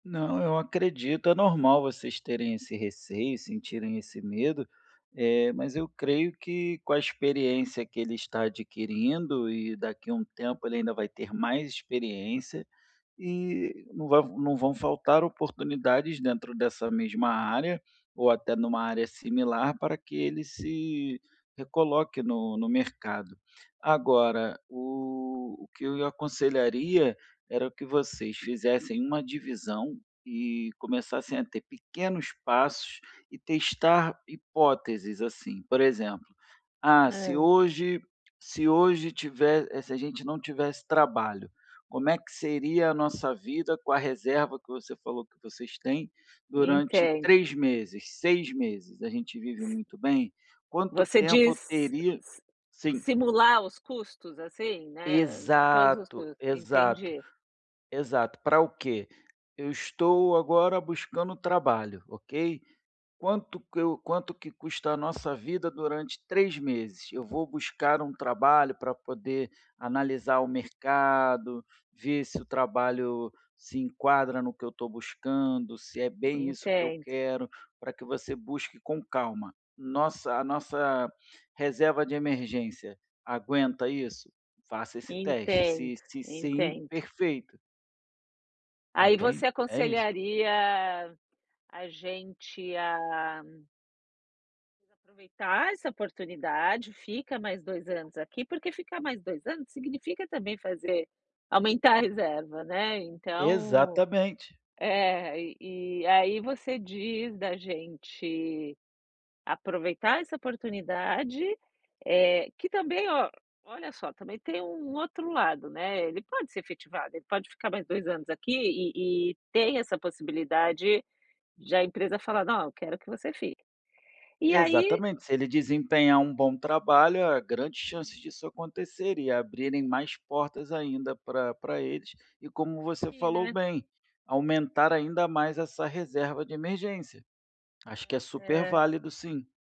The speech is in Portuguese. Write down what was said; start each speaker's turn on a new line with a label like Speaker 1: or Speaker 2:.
Speaker 1: Não, eu acredito. É normal vocês terem esse receio, sentirem esse medo, eh, mas eu creio que com a experiência que ele está adquirindo, e daqui a um tempo ele ainda vai ter mais experiência, e não va não vão faltar oportunidades dentro dessa mesma área ou até em uma área similar para que ele se recoloque no no mercado. Agora, o o que eu ia aconselharia era que vocês fizessem uma divisão e começassem a ter pequenos passos, e testar hipóteses, assim, por exemplo: "Ah, se
Speaker 2: Hã.
Speaker 1: hoje se hoje tive se a gente não tivesse trabalho, como é que seria a nossa vida com a reserva que você falou que vocês têm, durante
Speaker 2: Entendo.
Speaker 1: 3 meses, 6 meses? A gente vive
Speaker 2: S
Speaker 1: muito bem? Quanto
Speaker 2: Você
Speaker 1: tempo eu
Speaker 2: diz s
Speaker 1: teria"
Speaker 2: si
Speaker 1: Sim.
Speaker 2: simular os custos, assim, né, todos os
Speaker 1: Exato,
Speaker 2: custos.
Speaker 1: exato,
Speaker 2: Entendi.
Speaker 1: exato. Para o quê? "Eu estou agora buscando trabalho, ok. Quanto que eu quanto que custa a nossa vida durante 3 meses? Eu vou buscar um trabalho para poder analisar o mercado, ver se o trabalho se enquadra no que eu estou buscando, se é bem isso que eu
Speaker 2: Entendo.
Speaker 1: quero", para que você busque com calma. "Nossa a nossa reserva de emergência aguenta isso?". Faça esse teste,
Speaker 2: Entendo,
Speaker 1: se se sim,
Speaker 2: entendo.
Speaker 1: perfeito.
Speaker 2: Aí você
Speaker 1: Entende, é isso.
Speaker 2: aconselharia a gente a aproveitar essa oportunidade, fica mais 2 anos aqui. Porque ficar mais 2 anos significa também fazer aumentar a reserva, né. Então,
Speaker 1: Exatamente.
Speaker 2: eh, e e aí você diz da gente aproveitar essa oportunidade, eh, que também ó, olha só, também tem um outro lado, né, ele pode ser efetivado, ele pode mais 2 anos aqui e e tem essa possibilidade de a empresa falar: "Não, eu quero que você fique". E aí
Speaker 1: Exatamente. Se ele desempenhar um bom trabalho, há grandes
Speaker 2: [unintelligible]
Speaker 1: chances disso acontecer e abrirem mais portas ainda pra pra eles. E como
Speaker 2: E
Speaker 1: você
Speaker 2: aqui,
Speaker 1: falou
Speaker 2: né.
Speaker 1: bem, aumentar ainda mais essa reserva de emergência. Acho que é
Speaker 2: É,
Speaker 1: super
Speaker 2: é.
Speaker 1: válido sim.